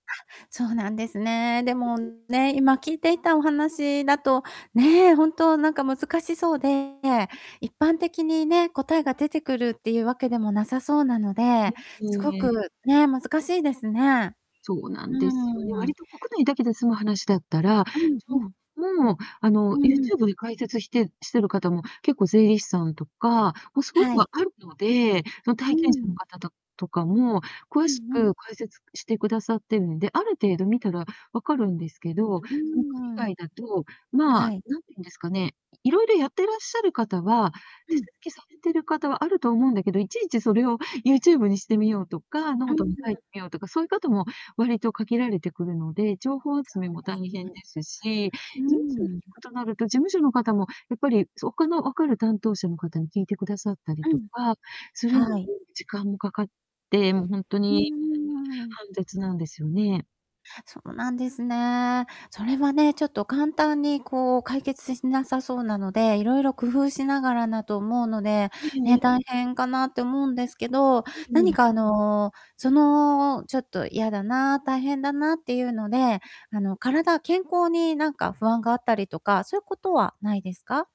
あ、そうなんですね。でも [unintelligible] ね、今聞いていたお話だと、ね、ほんとなんか難しそうで、一般的にね、答えが出てくるっていうわけでもなさそうなのえ、で、すうん。ごえくえ。ね、難しいですね。そうなうんですよ、ーん。割と国内だけで済む話だったら、うん、ちょうん。うもう、あうの、ん。YouTube で解説してしてる方も、結構税理士さんとかもう凄くはあい。るので、そのう体験者のん。方たとかも詳うしんうん。く解説してくださってるんで、ある程度見たら分かるんですけど、うそのーん。海外だと、まあ、はい。何て言うんですかね、色々やってらっしゃる方は、う手ん。続きされてる方はあると思うんだけど、いちいちそれを YouTube にしてみようとか、うん。note に書いて [unintelligible] みようとか、そうゆう方も割と限られてくるので、情報集めも大そうです変ね。ですし、事うー務所ん、に聞うん。くとなると、事務所の方もやっぱり、そ他の分かる担当者の方に聞いてくださったりうとん。かするのにはい。時間もかかって、もうほんとうんにうんうんうん。煩雑なんですよね。そうなんですね。それはね、ちょっと簡単にこう解決しなさそうなので、いろいろ工夫しながらだと思うので、ええね、え大え。変かなって思うんですけど、うんう何ん。かあの、そのちょっと嫌だな、大変だなっていうので、あの体健康になんか不安があったりとか、そういうことはないですか？